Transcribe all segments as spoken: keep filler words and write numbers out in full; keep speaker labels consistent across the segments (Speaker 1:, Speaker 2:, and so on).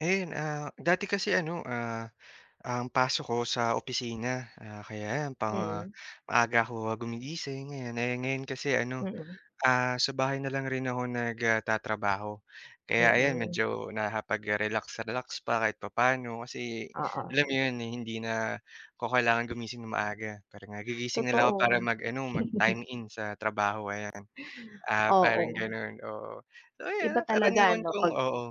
Speaker 1: Ayun, ah, dati kasi ano, ah, ang pasok ko sa opisina. Ah, kaya ayan, pang ah,
Speaker 2: Mm.
Speaker 1: maaga ako gumigising, ayan. Ngayon-ngayon kasi ano,
Speaker 2: Mm.
Speaker 1: ah, sa bahay na lang rin ako nag, ah, tatrabaho. Kaya ayan,
Speaker 2: Mm.
Speaker 1: medyo nakakapag-relax-relax pa kahit papaano kasi alam mo
Speaker 2: Oo.
Speaker 1: 'yun hindi na 'ko kailangan gumising ng maaga. Parang, ah, gigising na lang ako para
Speaker 2: Totoo.
Speaker 1: mag-ano mag-time in sa trabaho ayan. Ah, parang
Speaker 2: Oo.
Speaker 1: gano'n, oo. So
Speaker 2: Iba
Speaker 1: ayun,
Speaker 2: talaga
Speaker 1: karaniwan
Speaker 2: ano
Speaker 1: kong
Speaker 2: 'pag,
Speaker 1: oo,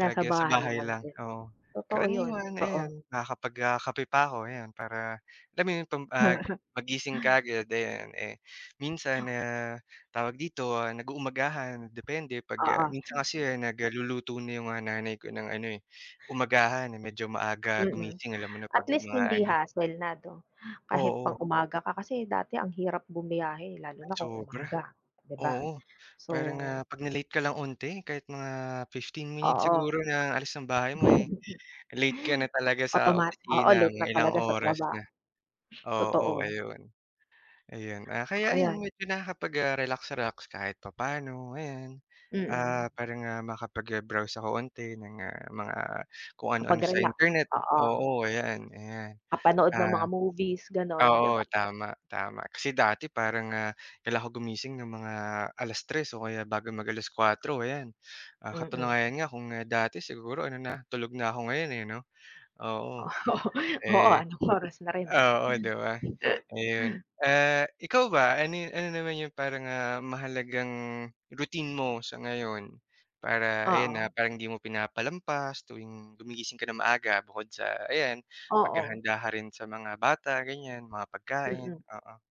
Speaker 1: 'pag, ah, sa
Speaker 2: bahay
Speaker 1: bahay
Speaker 2: lang
Speaker 1: lang,
Speaker 2: din.
Speaker 1: oo.
Speaker 2: Totoo 'yun,
Speaker 1: Karaniwan
Speaker 2: totoo.
Speaker 1: ayun, nakakapag, ah, kape pa ako ayan, para alam mo 'yun tum ah, paggising kaagad ayan. Eh, minsan, ah, tawag dito, ah, nag-uumagahan depende 'pag, ah
Speaker 2: Oo.
Speaker 1: minsan kasi ah, nag-luluto na 'yung, ah, nanay ko ng ano, eh, umagahan, eh, medyo maaga
Speaker 2: Mm.
Speaker 1: gumising alam mo na
Speaker 2: At
Speaker 1: 'pag
Speaker 2: least
Speaker 1: mga
Speaker 2: hindi
Speaker 1: ano.
Speaker 2: hustle na 'no? Kahit
Speaker 1: Oo.
Speaker 2: pang-umaga ka kasi dati ang hirap bumiyahe lalo na kung
Speaker 1: Sobra.
Speaker 2: umaga, di ba?
Speaker 1: Oo,
Speaker 2: So
Speaker 1: parang, ah, 'pag na-late ka lang unti kahit mga fifteen minutes
Speaker 2: Oo.
Speaker 1: siguro na alis ng bahay mo, eh, late ka na talaga sa
Speaker 2: Automat oo,
Speaker 1: opisina
Speaker 2: late
Speaker 1: mga ilang
Speaker 2: talaga sa
Speaker 1: oras na.
Speaker 2: trabaho.
Speaker 1: Oo,
Speaker 2: Totoo.
Speaker 1: ayun. Ayan ah, kaya 'yun
Speaker 2: Ayan.
Speaker 1: medyo nakakapag-relax-relax kahit papaano ayan.
Speaker 2: Mm.
Speaker 1: Ah, parang, ah, makapag, ah, browse ako unti ng, ah, mga kung ano-ano
Speaker 2: Kapag
Speaker 1: sa
Speaker 2: relax,
Speaker 1: internet
Speaker 2: oo.
Speaker 1: oo, ayan, ayan.
Speaker 2: Kapanood ng mga
Speaker 1: Ah,
Speaker 2: movies gano'n, di
Speaker 1: oo,
Speaker 2: ba?
Speaker 1: tama, tama kasi dati parang, ah, kailangan ako gumising ng mga alas-tres o kaya bago mag alas-kuwatro ayan. Ah,
Speaker 2: Mm.
Speaker 1: katunayan nga kung, ah, dati siguro ano na tulog na ako ngayon, eh, 'no? Oo,
Speaker 2: Oo, oo,
Speaker 1: eh
Speaker 2: anong oras na rin, eh.
Speaker 1: oo, di ba? Ayun, ah, ikaw ba ano yu ano naman 'yung parang, ah, mahalagang routine mo sa ngayon? Para ayan,
Speaker 2: Oo.
Speaker 1: ah, parang hindi mo pinapalampas tuwing gumigising ka ng maaga bukod sa ayan,
Speaker 2: Oo.
Speaker 1: maghahanda ka rin sa mga bata ganiyan, mga pagkain,
Speaker 2: Mm.
Speaker 1: oo.